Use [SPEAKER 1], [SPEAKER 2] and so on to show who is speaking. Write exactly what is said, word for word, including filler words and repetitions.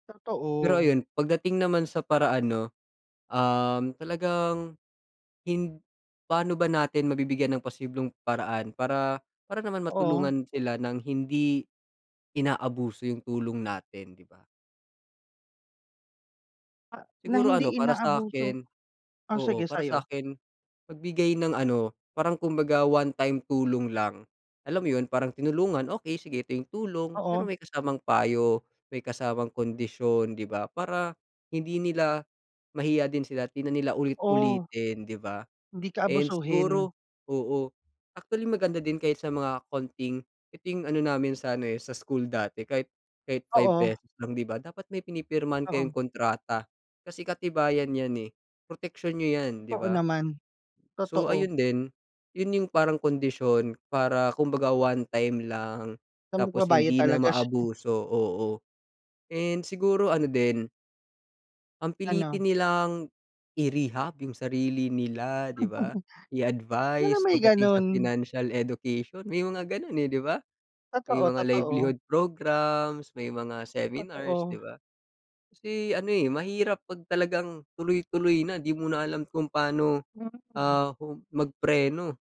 [SPEAKER 1] Pero
[SPEAKER 2] Totoo.
[SPEAKER 1] ayun, pagdating naman sa paraan, 'no? Um, talagang, hind paano ba natin mabibigyan ng posibleng paraan para para naman
[SPEAKER 2] Oo.
[SPEAKER 1] matulungan sila ng hindi inaabuso yung tulong natin, 'di ba?
[SPEAKER 2] Ah, na
[SPEAKER 1] Siguro ano
[SPEAKER 2] hindi
[SPEAKER 1] para
[SPEAKER 2] inaabuso
[SPEAKER 1] sa'kin
[SPEAKER 2] oh, sige
[SPEAKER 1] oo, para
[SPEAKER 2] sa'yo.
[SPEAKER 1] sa'kin, magbigay ng ano, parang kumbaga one time tulong lang, alam mo yun, parang tinulungan, okey sige, ito yung tulong. Pero
[SPEAKER 2] Oo.
[SPEAKER 1] may kasamang payo, may kasamang kondisyon, 'di ba, para hindi nila mahiya din sila at di na nila
[SPEAKER 2] Oo.
[SPEAKER 1] ulit-ulitin, 'di ba?
[SPEAKER 2] Hindi ka
[SPEAKER 1] And
[SPEAKER 2] abusuhin.
[SPEAKER 1] siguro oo. Actually, maganda din kahit sa mga konting ito yung ano namin sana eh, sa school dati, kahit kahit five
[SPEAKER 2] Oo.
[SPEAKER 1] pesos lang, 'di ba? Dapat may pinipirmahan kayong
[SPEAKER 2] Oo.
[SPEAKER 1] kontrata, kasi katibayan 'yan eh, proteksiyon niyo 'yan, 'di
[SPEAKER 2] Totoo
[SPEAKER 1] ba?
[SPEAKER 2] naman.
[SPEAKER 1] So,
[SPEAKER 2] Totoo.
[SPEAKER 1] ayun din, yun yung parang kondisyon para kumbaga one time lang
[SPEAKER 2] Na
[SPEAKER 1] tapos
[SPEAKER 2] magbabayad
[SPEAKER 1] hindi na
[SPEAKER 2] talaga siya.
[SPEAKER 1] maabuso, oo, and siguro ano din ang pilitin
[SPEAKER 2] Ano.
[SPEAKER 1] nilang i-rehab yung sarili nila, 'di ba,
[SPEAKER 2] Sana
[SPEAKER 1] i-advice
[SPEAKER 2] may
[SPEAKER 1] pagdating sa
[SPEAKER 2] ganun.
[SPEAKER 1] financial education, may mga ganun eh, 'di ba? May
[SPEAKER 2] Totoo,
[SPEAKER 1] mga
[SPEAKER 2] totoo.
[SPEAKER 1] livelihood programs, may mga seminars, 'di
[SPEAKER 2] Totoo.
[SPEAKER 1] ba? Kasi ano eh mahirap pag talagang tuloy-tuloy na, 'di mo na alam kung paano,
[SPEAKER 2] Mm.
[SPEAKER 1] ah, mag-preno.